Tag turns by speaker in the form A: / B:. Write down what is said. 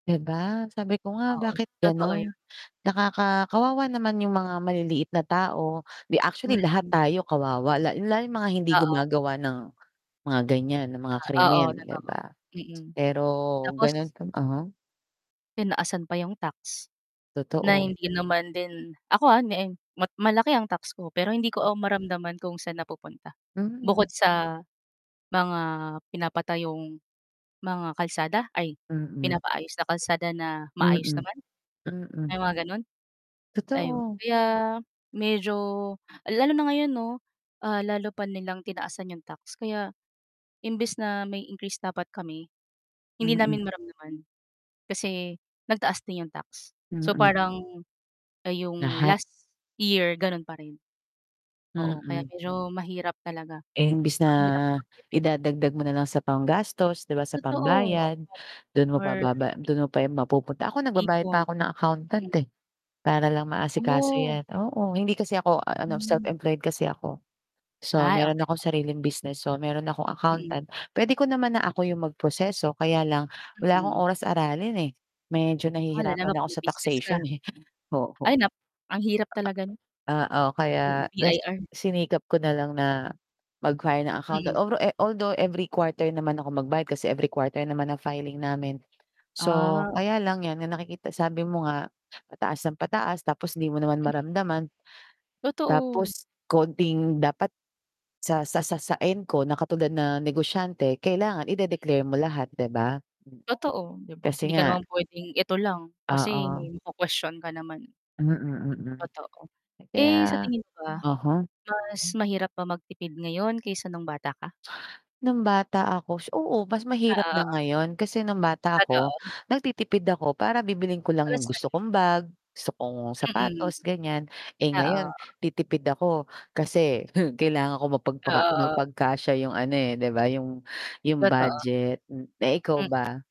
A: 'Di ba? sabi ko nga
B: Oo,
A: bakit
B: totoo
A: ganun
B: yun.
A: nakaka kawawa naman yung mga maliliit na tao. 'Di actually lahat
B: Mhm.
A: tayo kawawa la lalo yung mga hindi
B: Oo.
A: gumagawa ng mga ganyan ng mga
B: Ah,
A: krimen
B: oo
A: 'di
B: totoo.
A: ba?
B: Mm,
A: Pero
B: tapos
A: ganon uh-huh.
B: Tinaasan pa yung tax. Na
A: Totoo.
B: hindi naman din ako ah, [unintelligible] ma malaki ang tax ko pero hindi ko o maramdaman kung saan napupunta. Bukod
A: Hmm.
B: sa mga pinapatayong mga kalsada, ay
A: Mm.
B: pinapaayos na kalsada na maayos
A: Mm.
B: naman. Ay
A: Mm.
B: mga ganun? Ayun,
A: Totoo.
B: kaya medyo lalo na ngayon 'no. Ah, lalo pa nilang tinaasan 'yong tax. Kaya, imbes na may increase dapat kami, hindi
A: Mm.
B: namin maramdaman. Kasi nagtaas din 'yong tax, so
A: Mm.
B: parang 'yong
A: Lahat.
B: last year gano'n pa rin. Oo kaya
A: Mm.
B: medyo mahirap talaga.
A: Eh imbes na
B: Mahirap mag tipid.
A: idadagdag mo na lang sa panggastos, 'di ba sa
B: Totoo.
A: pambayad. Dun mo pa
B: Or
A: baba dun mo pa yun mapupunta, ako nagbabayad
B: Ipon.
A: pa ako ng accountant
B: Mm.
A: eh. Para lang maasikaso
B: Oh.
A: 'yan, oo. Hindi kasi ako ano,
B: Hmm.
A: self-employed kasi ako. So
B: Ay
A: meron
B: okey,
A: akong
B: oo.
A: sariling business. So meron akong
B: Mm.
A: accountant, pwede ko naman na ako 'yong mag-proseso kaya lang, wala akong
B: Mm.
A: oras aralin eh. Medyo
B: Oh ano
A: nahihirapan
B: naman
A: ako
B: kung may
A: sa
B: business ka.
A: taxation eh,
B: Ay
A: oo.
B: nap ang hirap talaga nun.
A: Oo,
B: Mm,
A: kaya
B: BIR.
A: sinikap ko nalang na mag-hire ng
B: Mm.
A: accountant although e although every quarter naman ako magbayad kasi every quarter naman ang filing namin. So,
B: Ah.
A: kaya lang yan na nakikita sabi mo nga pataas nang pataas tapos 'di mo naman
B: Mm.
A: maramdaman.
B: Totoo.
A: Tapos konting dapat sa sa sa sa end ko na katulad na negosyante kailangan ide-declare mo lahat 'di ba? Mm,
B: Totoo, 'di ba.
A: kasi
B: Hindi ka
A: nga
B: naman pwedeng eto lang, kasi
A: Oo.
B: maku-kwestyon ka naman.
A: Mm, mm.
B: Totoo.
A: Eh
B: Eh sa
A: kaya
B: tingin mo ba?
A: uh-huh.
B: Mas mahirap ba magtipid ngayon kaysa nung bata ka?
A: Nung bata ako, oo mas mahirap na
B: Oo.
A: ngayon. Kasi nung bata ako,
B: Totoo.
A: nagtitipid ako para bibilhin ko lang
B: Para
A: yung
B: sa
A: gusto
B: sarili.
A: kong bag, gusto kong
B: Mm.
A: sapatos, ganyan. Eh ngayon,
B: Oo.
A: titipid ako kasi kailangan ko mapagpaka
B: Oo.
A: mapagkasya yung ano eh, 'di ba. Yung yung
B: Totoo.
A: budget hmm. Eh, ikaw
B: Hmm.
A: ba?